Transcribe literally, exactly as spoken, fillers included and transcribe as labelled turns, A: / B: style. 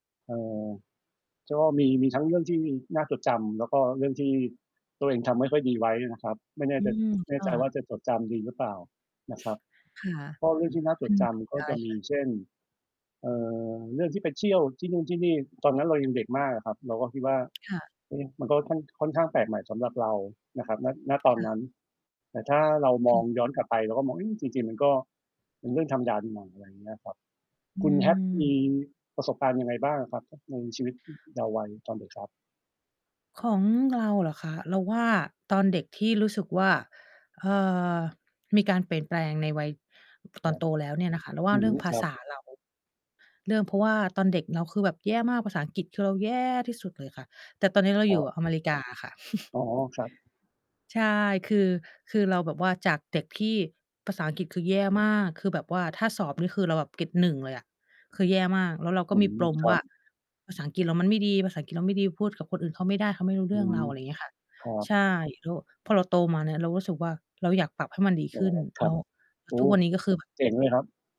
A: เออ ก็มี มีทั้งเรื่องที่น่าจดจำ แล้วก็เรื่องที่ ตัวเองทำไม่ค่อยดีไว้นะครับ ไม่แน่
B: อื
A: ใจ
B: ม
A: แน
B: ค
A: ่
B: ่
A: ใจ
B: ะ
A: ว่าจะจดจำ ดีหรือเปล่า นะครับ
B: ค่
A: เพราะเรื่องที่น่าจ
B: ะ
A: ดจำก็จะมี
B: [unintelligible]
A: เช่น เอ่อ เรื่องที่ไปเที่ยวที่นู่นที่นี่ ตอนนั้นเรายังเด็กมากอะครับ เราก็คิดว่า
B: ค่ะ
A: เอ๊ะ! มันก็ค่อน ค่อนข้างแปลกใหม่สำหรับเรานะครับ ณ ณ ตอ
B: ค
A: น
B: ่
A: น
B: ะ
A: ั้น แต่ถ้าเรา
B: อ
A: มอ
B: ื
A: ง
B: ม
A: ย้อนกลับไป เราก็มอง เฮ้ย จริง ๆ มันก็ เป็นเรื่องธรรมดานี่นา อะไรอย่างเงี้ยครับ
B: อ
A: คุณ hat มี
B: ืม
A: ประสบการณ์ยังไงบ้างอะครับ? ท ในชีวิต อ เยาว์วัยตอนเด็กครับ
B: ของเราเหรอคะ เราว่าตอนเด็กที่รู้สึกว่า เอ่อ มีการเปลี่ยนแปลงในวัย ต
A: คร
B: อ
A: ั
B: น
A: บ
B: โตแล้วเนี่ยนะคะ เราว่
A: อื
B: าเรื
A: ม
B: ่องภ
A: ค
B: า
A: รั
B: ษ
A: บ
B: า เรา เริ่มเพราะว่าตอนเด็กเราคือแบบแย่มาก ภาษาอังกฤษคือเราแย่ที่สุดเลยค่ะ แต่ตอนนี้เรา
A: ค
B: อ
A: ร
B: ย
A: ั
B: ู่
A: บ
B: อเมริกาค่ะ
A: อ๋อ ครับ
B: ใช่ คือ คือเราแบบว่าจากเด็กที่ ภาษาอังกฤษ คือแย่มาก คือแบบว่าถ้าสอบนี่ คือเราเกรด หนึ่ง เลยอะ คือแย่มาก แล้วเราก็
A: อื
B: มี
A: ม
B: ปลม
A: คร
B: ว
A: ั
B: ่า
A: บ
B: ภาษาอังกฤษเรามันไม่ดี ภาษาอังกฤษเราไม่ดี พูดกับคนอื่นเขาไม่ได้ เขาไม่รู้
A: อ
B: เรื
A: ื
B: ่องเ
A: ม
B: รา อะไรเงี้ยค่ะ
A: ครั
B: ใ
A: บ
B: ช่ แล้ว พอเราโตมาเนี่ย เรารู้สึกว่า เราอยากปรับให้มันดี
A: อ๋
B: ข
A: อ
B: ึ้น
A: คร
B: เ
A: ั
B: นา
A: บ
B: ะ แล้
A: โอ
B: ว
A: ้
B: ทุกวันนี้ก็คือแบบ
A: เจ๋งเลยครับ